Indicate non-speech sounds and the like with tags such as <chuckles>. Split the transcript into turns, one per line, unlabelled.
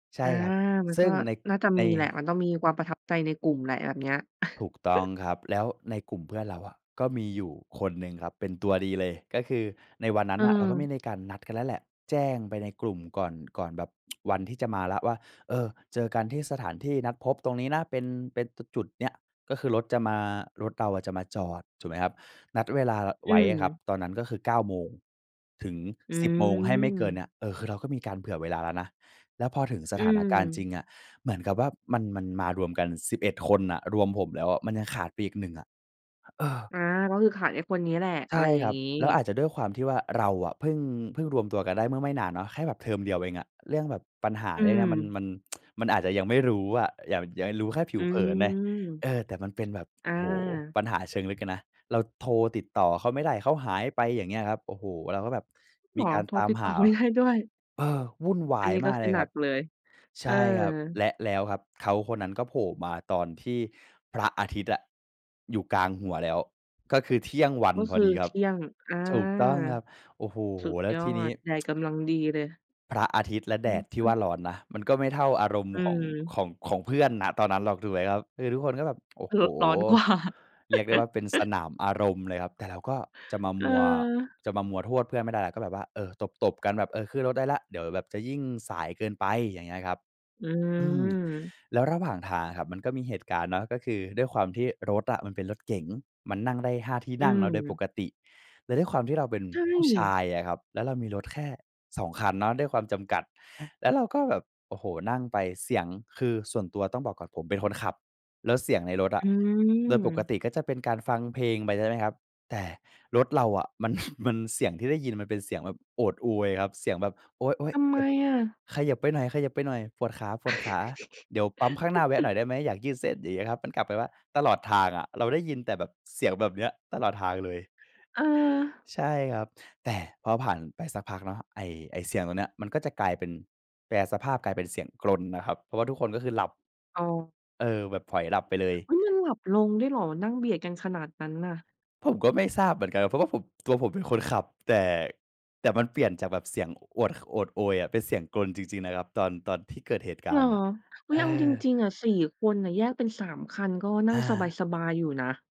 ใช่
อา
ครับ
มัน
ซึ่
ก็
งใน
น่าจะ
ใน
มีแหละ มันต้องมีความประทับใจในกลุ่มแหละ แบบเนี้ย
ถูกต้อง
<chuckles>
ครับ แล้วในกลุ่มเพื่อนเราอะ ก็มีอยู่คนหนึ่งครับ เป็นตัวดีเลย ก็คือในวันนั้นน่ะ เราก็ไ
เออ
ม่ได้การนัดกันแล้วแหละ แจ้งไปในกลุ่มก่อน ก่อนแบบ <tsk> วันที่จะมาแล้วว่า เออ เจอกันที่สถานที่นัดพบตรงนี้นะ เป็น เป็น ต จุดเนี้ย ก็คือรถจะมา รถเราอะจะมาจอด ถูกไหมครับ นัดเวลา ล
อ
ไว้อะครับ
ืม
ตอนนั้นก็คือ เก้าโมงถึง
อื
สิบโมง ให้ไม่เกินเ
ม
นี้ย เออ คือเราก็มีการเผื่อเวลาแล้วนะ แล้วพอถึงส
อื
ถานการณ์จริ
ม
งอะเหมือนกับว่า มัน มันมารวมกัน 11 คนน่ะ รวมผมแล้วอะ มันยังขาดไปอีกหนึ่งอะ อ เออ
อา ก็คือขาดไอ้คนเนี้ยแหละ
ใช
อ
่
ะไรอย
ค
่า
ร
ง
ับ
งี้
แล้วอาจจะด้วยความที่ว่า เราอะเพิ่ง เพิ่งรวมตัวกันได้เมื่อไม่นานเนาะ แค่แบบเทอมเดียวเองอะ เรื่องแบบปัญหา
อื
เนี่ยนะมัน
ม
มัน <tsk> มันอาจจะยังไม่รู้อะ ยัง ยังรู้แค่ผิ
อื
วเผิ
ม
นไง เออ แต่มันเป็นแบบ
อ
โอ้โฮ!
า
ปัญหาเชิงลึกอะนะ เราโทรติดต่อเขาไม่ได้ เขาหายไป อย่างเงี้ยครับ โอ้โฮ! เราก็แบบ
เ
ม
หร
ี
อ
การ
โทร
ตาม
ติด
ห
ต่อ
า
ไม่ได้ ด้วย?
เออ วุ่นว
อ
า
ัน
ย
นี้
ม
ก็
าก
ค
เล
ือ
ย
หน
ค
ั
รั
ก
บ
เลย
ใ
เ
ช
ออ
่ครับ และแล้วครับเขาคนนั้นก็โผล่มาตอนที่พระอาทิตย์อะอยู่กลางหัวแล้ว ก็คือเที่ยงวัน
ก็
พ
ค
อ
ือ
ดีคร
เ
ั
ท
บ
ี่ยง อา
ถูกต้องครับ โอ้โฮ!
สุด
แล้ว
ยอ
ทีนี้
ด แดด
<tsk>
กำลังดีเลย
พระอาทิตย์และ
อ
แด
ือ
ดที
ฮ
่
ึ
ว่าร้อนนะ มันก็ไม่เท่าอารมณ์
อื
ของ
ม
ของ ของเพื่อน ณ ตอนนั้นหรอก ถูกไหมครับ? คือทุกคนก็แบบ โอ้โฮ!
รถร้อน กว่า
เรียกได้ว่า เป็นส
<chuckles>
นามอารมณ์เลยครับ แต่เราก็จะมา
เ
มัว
ออ
จะมามัวโทษเพื่อนไม่ได้ เราก็แบบว่า เออ ตบ ๆ กันแบบ เออ ขึ้นรถได้แล้ว เดี๋ยวแบบจะยิ่งสายเกินไป อย่างเงี้ยครับ
อื
อืม
ม
แล้วระหว่างทางอะครับ มันก็มีเหตุการณ์เนาะ ก็คือด้วยความที่รถอะมันเป็นรถเก๋ง มันนั่งได้ 5 ที่
อื
นั่งเนาะโดยป
ม
กติ แล้วด้วยความที่เราเป็น
ใช
ผู้ช
่
ายอะครับ แล้วเรามีรถแค่ 2 คันเนาะด้วยความจำกัด แล้วเราก็แบบ โอ้โฮ! นั่งไป เสียง คือ ส่วนตัวต้องบอกก่อน ผมเป็นคนขับ แล้วเสียงในรถอ
อ
ะ
ื
โดยปก
ม
ติก็จะเป็นการฟังเพลงไปใช่ไหมครับ แต่รถเราอะมัน <chuckles> มัน เสียงที่ได้ยินมันเป็นเสียงแบบโอดอวยครับ เสียงแบบ "โอ๊ย
ทำ
ๆ!
ไ
เ
ม
จ็บ
อะ?
เขยิบไปหน่อย เขยิบไปหน่อย ปวดขา ๆ เดี๋ยวปั๊มข้างหน้าแวะหน่อ
<chuckles>
ยได้ไหม? อยากยืดเส้น" อย่างเงี้ยครับ มันกลับไปว่า ตลอดทางอะเราได้ยินแต่แบบเสียงแบบเนี้ยตลอดทางเลย
เออ
ใช่ครับ แต่พอผ่านไปสักพักเนาะ ไอ้ ไอ้เสียงตรงเนี้ย มันก็จะกลายเป็น แปรสภาพกลายเป็นเสียงกรนนะครับ เพราะว่าทุกคนก็คือหลับ
อ๋อ
เออ แบบผล็อยหลับไปเลย
เฮ้ย! มันหลับลงด้วยเหรอ? นั่งเบียดกันขนาดนั้นน่ะ
ผมก็ไม่ทราบเหมือนกันอะ เพราะว่าผม ตัวผมเป็นคนขับ แต่ แต่มันเปลี่ยนจากแบบเสียงอวด ข โอดโอยอะเป็นเสียงกรนจริง ๆ นะครับ ตอน ตอนที่เกิดเหตุก
เหร
าร
อ?
ณ์น่ะ
อุ๊
เอ
ย เอาจ
อ
ริง ๆ อะ 4 คนน่ะ แยกเป็น 3 คันก็นั่
อ
งส
า
บาย ๆ อยู่นะ